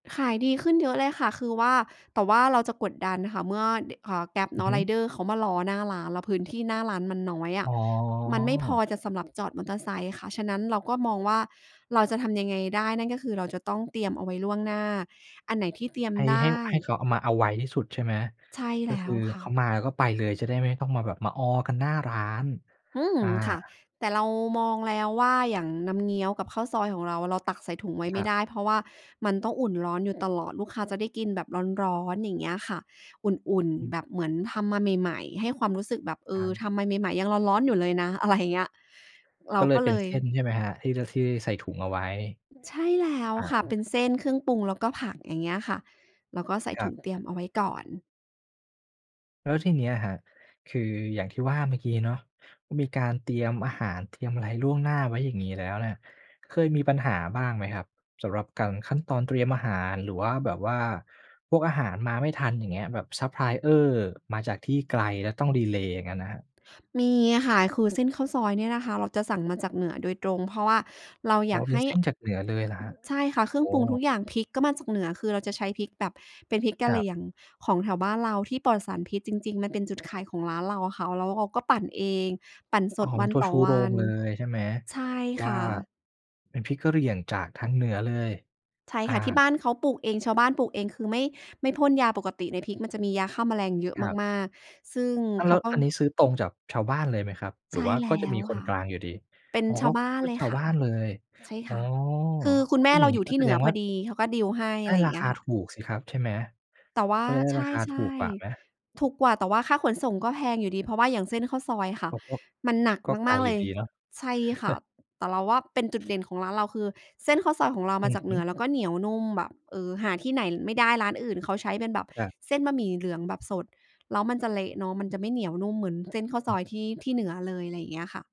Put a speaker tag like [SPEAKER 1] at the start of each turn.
[SPEAKER 1] ขายดีขึ้นเยอะเลยค่ะ คือว่า แต่ว่าเราจะกดดันค่ะ เมื่อ ด อ่า Grab
[SPEAKER 2] อ
[SPEAKER 1] เ
[SPEAKER 2] ื
[SPEAKER 1] น
[SPEAKER 2] อ
[SPEAKER 1] าะ
[SPEAKER 2] ฮึ
[SPEAKER 1] Rider เขามารอหน้าร้าน แล้วพื้นที่หน้าร้านมันน้อยอ
[SPEAKER 2] อ๋
[SPEAKER 1] ะ
[SPEAKER 2] อ
[SPEAKER 1] มันไม่พอจะ สำหรับจอดมอเตอร์ไซค์ค่ะ ฉะนั้นเราก็มองว่า เราจะทำยังไงได้ นั่นก็คือเราจะต้องเตรียมเอาไว้ล่วงหน้า อันไหนที่เตรียม
[SPEAKER 2] ให้
[SPEAKER 1] ได
[SPEAKER 2] ให้
[SPEAKER 1] ้
[SPEAKER 2] ให้เขาเอา มาเอาไวที่สุดใช่ไหม?
[SPEAKER 1] ใช่
[SPEAKER 2] ก
[SPEAKER 1] แ
[SPEAKER 2] ็
[SPEAKER 1] ล
[SPEAKER 2] ค
[SPEAKER 1] ้
[SPEAKER 2] ื
[SPEAKER 1] ว
[SPEAKER 2] อ
[SPEAKER 1] ค
[SPEAKER 2] เ
[SPEAKER 1] ่
[SPEAKER 2] ขา
[SPEAKER 1] ะ
[SPEAKER 2] มาก็ไปเลย จะได้ไม่ต้องมาแบบมาออกันหน้าร้าน
[SPEAKER 1] อืม
[SPEAKER 2] อา
[SPEAKER 1] ค่ะ แต่เรามองแล้วว่า อย่างน้ำเงี้ยวกับข้าวซอยของเราอะ เราตักใส่ถุงไว้
[SPEAKER 2] ค
[SPEAKER 1] ไม่
[SPEAKER 2] รั
[SPEAKER 1] ไ
[SPEAKER 2] บ
[SPEAKER 1] ด้ เพราะว่ามันต้องอุ่นร้อนอยู่ตลอด ลูกค้าจะได้กินแบบร้อน ๆ อย่างเงี้ยค่ะ อุ่น
[SPEAKER 2] อ
[SPEAKER 1] ๆ
[SPEAKER 2] ืม
[SPEAKER 1] แบบเหมือนทำมาใหม่ ๆ ให้ความรู้สึกแบบ เอ
[SPEAKER 2] ท
[SPEAKER 1] อ
[SPEAKER 2] ำ
[SPEAKER 1] ทำมาใหม่ ๆ ยังร้อน ๆ อยู่เลยนะ อะไร อย่างเงี้ย เร
[SPEAKER 2] ก
[SPEAKER 1] า
[SPEAKER 2] ็เล
[SPEAKER 1] ก
[SPEAKER 2] ย
[SPEAKER 1] ็
[SPEAKER 2] เป
[SPEAKER 1] เ
[SPEAKER 2] ็
[SPEAKER 1] ล
[SPEAKER 2] นเ
[SPEAKER 1] ย
[SPEAKER 2] ส้นใช่ไหมครับ? ที่ ท ที่ใส่ถุงเอาไว้
[SPEAKER 1] ใช่แล้ว
[SPEAKER 2] อา
[SPEAKER 1] ค่ะ เป็นเส้น เครื่องปรุง แล้วก็ผัก อย่างเงี้ยค่ะ แล้วก็ใส่
[SPEAKER 2] คร
[SPEAKER 1] ถ
[SPEAKER 2] ั
[SPEAKER 1] ุ
[SPEAKER 2] บ
[SPEAKER 1] งเตรียมเอาไว้ก่อน
[SPEAKER 2] แล้วทีเนี้ยครับ คืออย่างที่ว่าเมื่อกี้เนาะ ก็มีการเตรียมอาหาร เตรียมอะไรล่วงหน้าไว้อย่างนี้แล้วเนี่ย เคยมีปัญหาบ้างไหมครับ? สำหรับการ ขั้นตอนเตรียมอาหาร หรือว่าแบบว่าพวกอาหารมาไม่ทัน อย่างเงี้ย แบบ ซัปพลายเออร์ มาจากที่ไกล แล้วต้องดีเลย์อย่างงั้นน่ะครับ
[SPEAKER 1] มีอะค่ะ คือเส้นข้าวซอยเนี่ยนะคะ เราจะสั่งมาจากเหนือโดยตรง เพราะว่าเรา
[SPEAKER 2] อ
[SPEAKER 1] อ
[SPEAKER 2] ๋
[SPEAKER 1] ย
[SPEAKER 2] อ
[SPEAKER 1] าก
[SPEAKER 2] เป็
[SPEAKER 1] ให
[SPEAKER 2] น
[SPEAKER 1] ้
[SPEAKER 2] เส้นจากเหนือเลยเหรอครับ?
[SPEAKER 1] ใช่ค่ะ เครื่
[SPEAKER 2] อ
[SPEAKER 1] อ
[SPEAKER 2] ๋
[SPEAKER 1] งปรุงท
[SPEAKER 2] อ
[SPEAKER 1] ุกอย่าง พริกก็มาจากเหนือ คือเราจะใช้พริกแบบเป็นพริกก
[SPEAKER 2] ค
[SPEAKER 1] ะ
[SPEAKER 2] ร
[SPEAKER 1] เห
[SPEAKER 2] ั
[SPEAKER 1] ร
[SPEAKER 2] บ
[SPEAKER 1] ี่ยง ของแถวบ้านเราที่ปลอดสารพิษจริง ๆ มันเป็นจุดขายของร้านเราอะค่ะ แล้วเราก็ปั่นเอง ปั่นส
[SPEAKER 2] อ๋อ
[SPEAKER 1] ด
[SPEAKER 2] เ
[SPEAKER 1] ว
[SPEAKER 2] ป็
[SPEAKER 1] ั
[SPEAKER 2] น
[SPEAKER 1] น
[SPEAKER 2] ตัว
[SPEAKER 1] ต่
[SPEAKER 2] ช
[SPEAKER 1] อ
[SPEAKER 2] ู
[SPEAKER 1] ว
[SPEAKER 2] โร
[SPEAKER 1] ั
[SPEAKER 2] ง
[SPEAKER 1] น
[SPEAKER 2] เลยใช่ไหม?
[SPEAKER 1] ใช่
[SPEAKER 2] ว
[SPEAKER 1] ค
[SPEAKER 2] ่า
[SPEAKER 1] ่ะ
[SPEAKER 2] เป็นพริกกะเหรี่ยงจากทางเหนือเลย
[SPEAKER 1] ใช่
[SPEAKER 2] อา
[SPEAKER 1] ค่ะ ที่บ้านเขาปลูกเอง ชาวบ้านปลูกเอง คือไม่ ไม่พ่นยา ปกติในพริกมันจะมียาฆ่าแมลงเยอะ
[SPEAKER 2] ครับ
[SPEAKER 1] มาก ๆ ซึ่ง
[SPEAKER 2] อ้าว
[SPEAKER 1] เ
[SPEAKER 2] แ
[SPEAKER 1] ข
[SPEAKER 2] ล้
[SPEAKER 1] า
[SPEAKER 2] ว
[SPEAKER 1] ก็
[SPEAKER 2] อันนี้ซื้อตรงจากชาวบ้านเลยไหมครับ? ห
[SPEAKER 1] ใ
[SPEAKER 2] ร
[SPEAKER 1] ช
[SPEAKER 2] ือ
[SPEAKER 1] ่
[SPEAKER 2] ว่า
[SPEAKER 1] แล
[SPEAKER 2] ก็
[SPEAKER 1] ้
[SPEAKER 2] จะมี
[SPEAKER 1] ว
[SPEAKER 2] ค
[SPEAKER 1] ค
[SPEAKER 2] น
[SPEAKER 1] ่ะ
[SPEAKER 2] กลางอยู่ดี
[SPEAKER 1] เป็น
[SPEAKER 2] อ๋อ
[SPEAKER 1] ช
[SPEAKER 2] ก
[SPEAKER 1] า
[SPEAKER 2] ็
[SPEAKER 1] วบ้าน
[SPEAKER 2] ก็
[SPEAKER 1] เล
[SPEAKER 2] ช
[SPEAKER 1] ย
[SPEAKER 2] าว
[SPEAKER 1] ค่
[SPEAKER 2] บ
[SPEAKER 1] ะ
[SPEAKER 2] ้านเลย
[SPEAKER 1] ใช่
[SPEAKER 2] อ๋
[SPEAKER 1] ค
[SPEAKER 2] อ
[SPEAKER 1] ่ะ คือคุณแม
[SPEAKER 2] อุ
[SPEAKER 1] ่
[SPEAKER 2] ๊ย
[SPEAKER 1] เ
[SPEAKER 2] อย
[SPEAKER 1] ร
[SPEAKER 2] ่
[SPEAKER 1] า
[SPEAKER 2] างน
[SPEAKER 1] อ
[SPEAKER 2] ี
[SPEAKER 1] ย
[SPEAKER 2] ้
[SPEAKER 1] ู่
[SPEAKER 2] ก
[SPEAKER 1] ท
[SPEAKER 2] ็
[SPEAKER 1] ี่
[SPEAKER 2] แส
[SPEAKER 1] เหนื
[SPEAKER 2] ด
[SPEAKER 1] อ
[SPEAKER 2] ง
[SPEAKER 1] พ
[SPEAKER 2] ว่
[SPEAKER 1] อ
[SPEAKER 2] า
[SPEAKER 1] ดี เขาก็ ดีล ให้
[SPEAKER 2] ไ
[SPEAKER 1] อ
[SPEAKER 2] ด
[SPEAKER 1] ะ
[SPEAKER 2] ้
[SPEAKER 1] ไรอย่า
[SPEAKER 2] ร
[SPEAKER 1] ง
[SPEAKER 2] า
[SPEAKER 1] เงี้
[SPEAKER 2] ค
[SPEAKER 1] ย
[SPEAKER 2] า
[SPEAKER 1] ค่ะ
[SPEAKER 2] ถูกสิครับใช่ไหม?
[SPEAKER 1] แต่ว่า
[SPEAKER 2] ก็จะได้
[SPEAKER 1] ใช
[SPEAKER 2] ราคาถู
[SPEAKER 1] ่
[SPEAKER 2] กกว่าไหม?
[SPEAKER 1] ๆ ถูกกว่า แต่ว่าค่าขนส่งก็แพงอยู่ดี เพราะว่าอย่างเส้นข้าวซอยค่ะ
[SPEAKER 2] โอ้
[SPEAKER 1] มันหนัก
[SPEAKER 2] ๆ ก็ไก
[SPEAKER 1] ม
[SPEAKER 2] ล
[SPEAKER 1] าก ๆ
[SPEAKER 2] อย
[SPEAKER 1] เล
[SPEAKER 2] ู่
[SPEAKER 1] ย
[SPEAKER 2] ดีเนาะ
[SPEAKER 1] ใช่ค่ะ แต่เราว่าเป็นจุดเด่นของร้านเราคือ เส้นข้าวซอยของเรา
[SPEAKER 2] อ
[SPEAKER 1] ม
[SPEAKER 2] ื
[SPEAKER 1] า
[SPEAKER 2] อ
[SPEAKER 1] จาก
[SPEAKER 2] ฮ
[SPEAKER 1] เห
[SPEAKER 2] ึ
[SPEAKER 1] นือ แล้วก็เหนียวนุ่มแบบ เออ หาที่ไหนไม่ได้ ร้านอื่นเขาใช้เป็นแบบ
[SPEAKER 2] ครับ
[SPEAKER 1] เส้นบะหมี่เหลืองแบบสด แล้วมันจะเละเนาะ มันจะไม่เหนียวนุ่มเหมือนเส้นข้าว
[SPEAKER 2] อ
[SPEAKER 1] ซ
[SPEAKER 2] ืม
[SPEAKER 1] อยที่ ที่เหนือเลย อะไรอย่างเงี้ยค่ะ